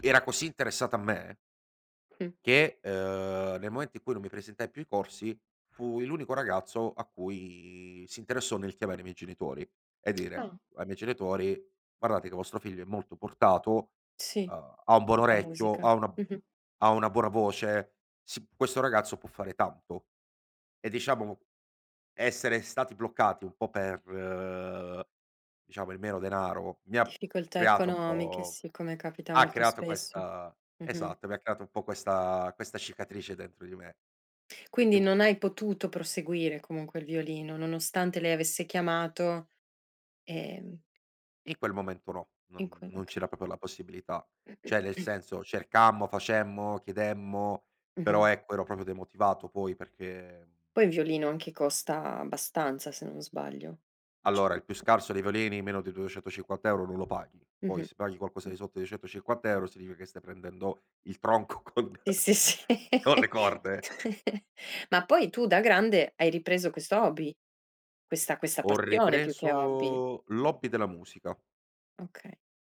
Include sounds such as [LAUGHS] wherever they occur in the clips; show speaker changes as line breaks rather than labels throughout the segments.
Era così interessata a me
Mh.
che, ehm, nel momento in cui non mi presentai più ai corsi fui l'unico ragazzo a cui si interessò nel chiamare i miei genitori e dire
Ah.
ai miei genitori: "guardate che vostro figlio è molto portato,
Sì,
uhm, ha un buon
per la
orecchio,
musica.
ha una
Mh-mh.
ha una buona voce, sì, questo ragazzo può fare tanto." E diciamo essere stati bloccati un po' per diciamo il mero denaro mi ha
Difficoltà
creato un
economiche,
po'
sì, come capita
ha
molto
creato
spesso.
questa
Mh-mh.
esatto, mi ha creato un po' questa questa cicatrice dentro di me.
Quindi
Ehm
non hai potuto proseguire comunque il violino, nonostante lei avesse chiamato, ehm
In quel momento, no,
In
non
quel
non
okay.
c'era proprio la possibilità, cioè nel
[CLEARS THROAT]
senso cercammo, facemmo, chiedemmo, però
Mh-mh.
ecco ero proprio demotivato poi perché
Poi il violino, anche, costa abbastanza se non sbaglio? Cio
Allora, il più scarso dei violini meno di 250 € non lo paghi. Poi,
Mh-mh.
se paghi qualcosa
Mh.
di sotto di 250 € significa che stai prendendo il tronco con
Sì
[CHUCKLES]
sì, sì.
con le corde.
[LAUGHS] Ma poi tu da grande hai ripreso questo hobby? Questa questa
Ho
passione più che hobby?
ripreso l'hobby della musica.
Okay,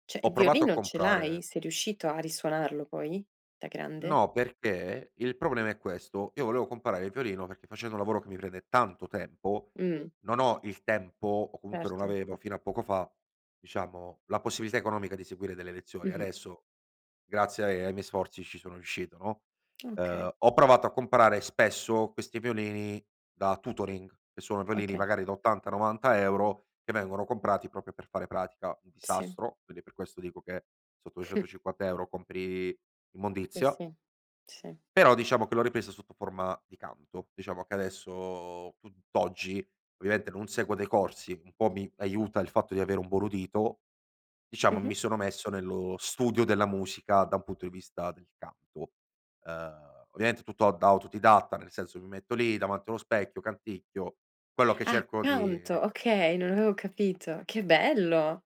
cioè il
Ho provato a
violino ce l'hai?
comprare
Sei riuscito a risuonarlo poi, da grande?
No, perché il problema è questo, io volevo comprare il violino perché facendo un lavoro che mi prende tanto tempo,
Mh.
non ho il tempo o comunque non
Certo.
avevo fino a poco fa, diciamo la possibilità economica di seguire delle lezioni.
Mh-mh.
Adesso grazie ai ai miei sforzi ci sono riuscito, no.
Okay.
Ehm, ho provato a comprare spesso questi violini da tutoring che sono violini
Oka
magari da 80, 90 € che vengono comprati proprio per fare pratica, un
Sì.
disastro. Quindi per questo dico che sotto
[CHUCKLES]
250 € compri
Sì,
immondizia
sì. Sì.
però diciamo che l'ho ripresa sotto forma di canto. Diciamo che adesso tutt'oggi, ovviamente non seguo dei corsi, un po' mi aiuta il fatto di avere un buon udito, diciamo
Mh-mh.
mi sono messo nello studio della musica da un punto di vista del canto. Ehm, ovviamente tutto a da autodidatta, nel senso che mi metto lì davanti allo specchio, canticchio quello che
Ah,
cerco
canto
di
okay, non avevo capito. Che bello!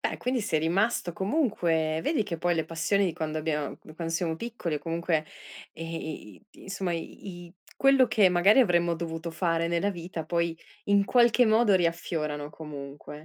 Beh, quindi sei rimasto comunque vedi che poi le passioni di quando abbiam di quando siamo piccoli o comunque, ehm, i i insomma i i quello che magari avremmo dovuto fare nella vita poi in qualche modo riaffiorano comunque.